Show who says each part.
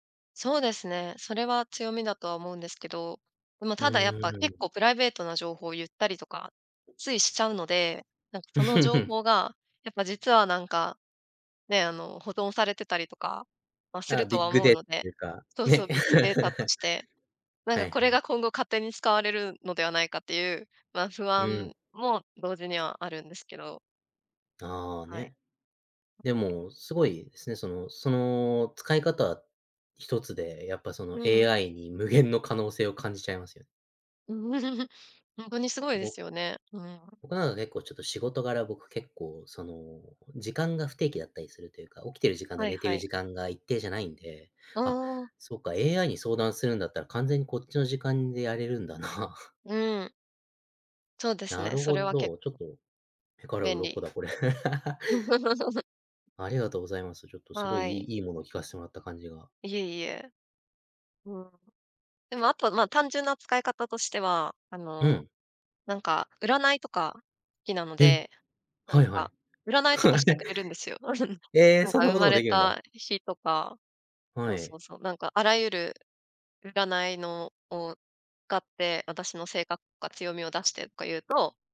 Speaker 1: そうですね、それは強みだとは思うんですけど、でも
Speaker 2: う
Speaker 1: ただ、やっぱ
Speaker 2: ー
Speaker 1: 結
Speaker 2: ん。
Speaker 1: 構プライベートな情報を言ったりとか、ついしちゃうので、なんかその情 報がやっぱ実はなんか、ね、あの、保存されてたりとか、まあ、す
Speaker 2: あ、
Speaker 1: ると
Speaker 2: ビッ
Speaker 1: は
Speaker 2: グ
Speaker 1: 思う
Speaker 2: デーっ
Speaker 1: ので。
Speaker 2: ていうか、
Speaker 1: そうそ
Speaker 2: ね。
Speaker 1: うビッグデータと ちて。なん
Speaker 2: は
Speaker 1: か
Speaker 2: い
Speaker 1: こ
Speaker 2: は
Speaker 1: れ
Speaker 2: い。
Speaker 1: が今後勝手に使われるのではないかっていう、まあ、不
Speaker 2: うー
Speaker 1: 安
Speaker 2: ん。
Speaker 1: も同時にはあるんですけど。
Speaker 2: ああ、
Speaker 1: はい。
Speaker 2: ね。でも、すごいですね、そのその使い方一つで、やっぱその
Speaker 1: うん。
Speaker 2: AI に無限の可能性を感じちゃいますよ。
Speaker 1: うん、ほんとにすごいで
Speaker 2: ぼ
Speaker 1: すよね。うん、う
Speaker 2: 僕、なので、こう、ちょっと仕事柄、僕結構、その、時間が不定期だったりするというか、起きてる時間と
Speaker 1: はい
Speaker 2: 寝て
Speaker 1: は
Speaker 2: る
Speaker 1: い。
Speaker 2: 時間が一定じゃないんで、
Speaker 1: あ
Speaker 2: あ、
Speaker 1: あ。
Speaker 2: そうか、AI に相談するんだったら、完全にこっちの時間でやれるんだな。
Speaker 1: うーん。そうです
Speaker 2: な
Speaker 1: ね、
Speaker 2: る
Speaker 1: そ
Speaker 2: ほ
Speaker 1: れは結
Speaker 2: ど、ちょっ
Speaker 1: 構
Speaker 2: と、目から
Speaker 1: 便
Speaker 2: 鱗
Speaker 1: 利。
Speaker 2: だ、これ。ありがとうございます。ちょっとすごい
Speaker 1: は
Speaker 2: い
Speaker 1: い。
Speaker 2: いいいものを聞かせてもらった感じが。
Speaker 1: いえいえ。うん。でもあとは、まあ、単純な使い方としては、あ
Speaker 2: う
Speaker 1: の、
Speaker 2: ん。
Speaker 1: なんか占いとかきなの
Speaker 2: えっ！
Speaker 1: で、なん
Speaker 2: はいは
Speaker 1: か
Speaker 2: い。
Speaker 1: 占いとかしてくれるんですよ。
Speaker 2: ええ、
Speaker 1: なん
Speaker 2: そん
Speaker 1: か
Speaker 2: な
Speaker 1: 生
Speaker 2: こと
Speaker 1: ま
Speaker 2: も
Speaker 1: れ
Speaker 2: できるんだ。
Speaker 1: たしとか、そ
Speaker 2: は
Speaker 1: うそ
Speaker 2: い。
Speaker 1: うそう、なんか、あらゆる占いのを、かって私の性格か強みを出してか言うと